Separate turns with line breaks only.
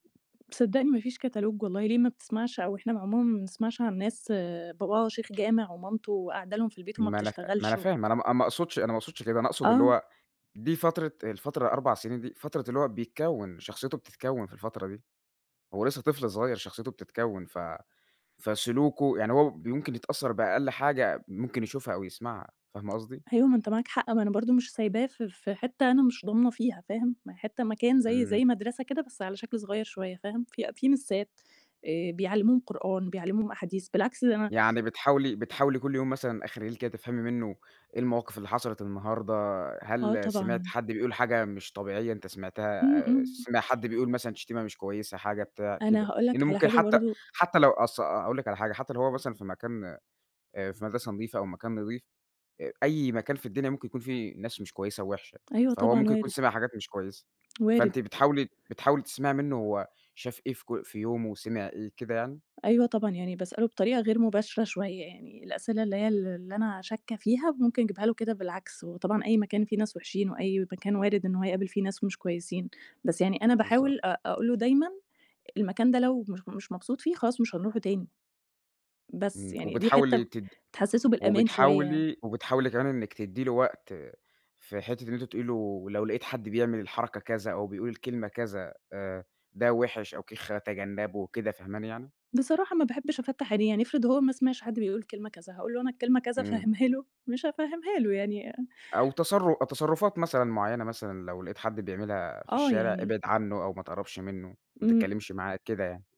صدّقني ما فيش catalogue والله، ليه ما بتسمعش أو إحنا ما عمومًا ما بنسمعش عن ناس باباها شيخ جامع ومامته قاعدة لهم في البيت وما
ما أنا ف ما أنا
بتشتغلش و
فاهم أنا ما أ ما أقصدش أنا ما أقصدش كده، أنا أقصد اللي
آه.
هو دي فترة الفترة 4 سنين دي فترة اللي هو بيتكوّن، شخصيته بتتكوّن في الفترة دي، هو لسه طفل صغيّر شخصيته بتتكوّن ف فسلوكُه يعني هو ب يمكن يتأثّر بأقل حاجة ممكن يشوفها أو يسمعها، فاهمة قصدي؟
أيوه ما أنت معاك حق، ما أنا برضه مش سايباه في في حتة أنا مش ضامنة فيها، فاهم، ما هي حتة مكان زي
إمم.
زي مدرسة كده بس على شكل صغيّر شوية، فاهم، في أ في مِسّات آآ، بيعلموهم قرآن، بيعلموهم أحاديث، بالعكس ده أنا
يعني بتحاولي بتحاولي كُلّ يوم مثلًا أخر الليل كده تفهمي منُّه إيه المواقف اللي حصلت النهارده،
آه
هل سمعت
طبعًا.
حد بيقول حاجة مش طبيعية، أنت سمعتها
إمم،
آآ،
إمم.
سمع حد بيقول مثلًا شتيمة مش كويسة حاجة بتاع، كده،
أنا هاقول
لإن
لك على
ممكن
حاجة
حتى
برضه
حتى لو أص أ-أ قول لِك على حاجة حتى لو هو مثلًا في مكان آآ، في مدرسة نضيفة أو مكان نضيف آآ، أي مكان في الدنيا ممكن يكون فيه ناس مش كويسة ووحشة،
أيوه
فهو
طبعًا،
ممكن يكون
وارد.
سمع حاجات مش كويسة،
وارد.
فأنتِ بتحاولي بتحاولي تسمعي منُّه هو شاف إيه في ك في يومُه وسمع إيه كده يعني؟
أيوه طبعًا، يعني باسأله بطريقة غير مباشرة شوية يعني، الأسئلة اللي هي ال اللي أنا شاكة فيها ممكن أجيبها له كده بالعكس، وطبعًا أي مكان فيه ناس وحشين وأي مكان وارد إن هو هيقابل فيه ناس مش كويسين، بس يعني أنا
بالضبط.
باحاول أق أقول له دايمًا المكان ده لو مش مش مبسوط فيه خلاص مش هنروحه تاني، بس،
إمم،
يعني دي حتة
وبتحاولي
م
تد
تحسّسه بالأمان شوية.
وبتحاولي وبتحاولي كمان إنِّك تدّي له وقت في حتة إن أنتِ تقولي له لو لقيت حد بيعمل الحركة كذا أو بيقول الكلمة كذا آآ، ده وحِش أو كِخّة، تجنّبه وكده، فاهماني يعني؟
بصراحة ما باحبش أفتّح عينيه، يعني افرض هو ما سمعش حد بيقول كلمة كذا، هاقول له أنا الكلمة كذا
إمم.
أفهّمها له، مش هافهّمها له يعني أ
أو تصر تصرُفات مثلًا معيّنة مثلًا، لو لقيت حد بيعملها في
آه
الشارع
يعني
ابعد عنّه أو ما تقرّبش منُّه، ما
إمم.
تتكلمش معاه، كده يعني.